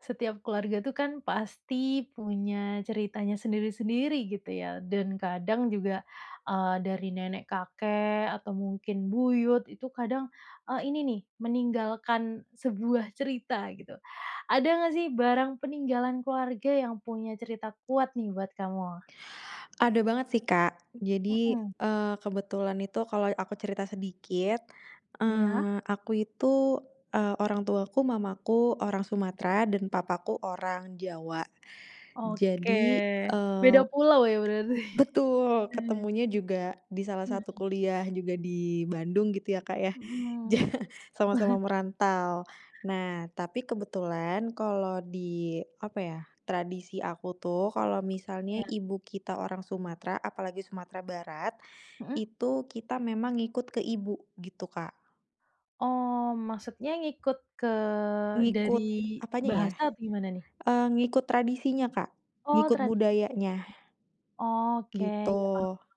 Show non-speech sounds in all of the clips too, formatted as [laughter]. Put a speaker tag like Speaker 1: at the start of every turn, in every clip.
Speaker 1: Setiap keluarga itu kan pasti punya ceritanya sendiri-sendiri, gitu ya. Dan kadang juga, eee, dari nenek kakek atau mungkin buyut, itu kadang, eee, ini nih, meninggalkan sebuah cerita gitu. Ada nggak sih barang peninggalan keluarga yang punya cerita kuat nih buat kamu?
Speaker 2: Ada banget sih, Kak. Jadi,
Speaker 1: Mhm.
Speaker 2: eee, kebetulan itu kalau aku cerita sedikit,
Speaker 1: Iya.
Speaker 2: eee, aku itu, eee orang tuaku, mamaku orang Sumatera dan papaku orang Jawa.
Speaker 1: Oke.
Speaker 2: Jadi
Speaker 1: Beda
Speaker 2: eee
Speaker 1: pulau ya berarti.
Speaker 2: betul,
Speaker 1: Heeh.
Speaker 2: ketemunya juga di salah satu
Speaker 1: Mhm.
Speaker 2: kuliah juga di Bandung gitu ya, Kak, ya,
Speaker 1: Mhm.
Speaker 2: ja
Speaker 1: [chuckles]
Speaker 2: sama-sama merantau. Nah, tapi kebetulan kalau di apa ya, tradisi aku tuh, kalau misalnya
Speaker 1: Iya.
Speaker 2: ibu kita orang Sumatera, apalagi Sumatera Barat,
Speaker 1: Mhm.
Speaker 2: itu kita memang ngikut ke Ibu, gitu, Kak.
Speaker 1: Oh, maksudnya ngikut ke dari
Speaker 2: Ngikut, apanya ya,
Speaker 1: bahasa atau gimana nih?
Speaker 2: eee, ngikut tradisinya, Kak,
Speaker 1: Oh
Speaker 2: ngikut
Speaker 1: tradisinya.
Speaker 2: budayanya.
Speaker 1: Oke,
Speaker 2: Gitu.
Speaker 1: ya paham paham.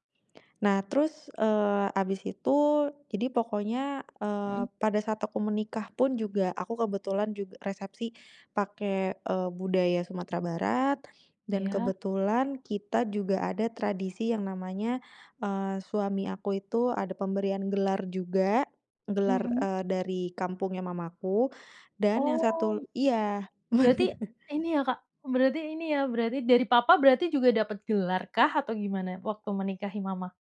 Speaker 2: Nah terus, eee, abis itu, jadi pokoknya, eee,
Speaker 1: Mhm.
Speaker 2: pada saat aku menikah pun juga, aku kebetulan jug resepsi pake, eee, budaya Sumatera Barat. Dan
Speaker 1: Iya.
Speaker 2: kebetulan kita juga ada tradisi yang namanya, eee, suami aku itu ada pemberian gelar juga, gelar,
Speaker 1: Mhm.
Speaker 2: eee, dari kampungnya mama aku, dan yang satu
Speaker 1: Oh.
Speaker 2: iya, benar.
Speaker 1: Berarti, ini ya, Kak, berarti ini ya, berarti dari papa berarti juga dapat gelar kah, atau gimana waktu menikahi mama?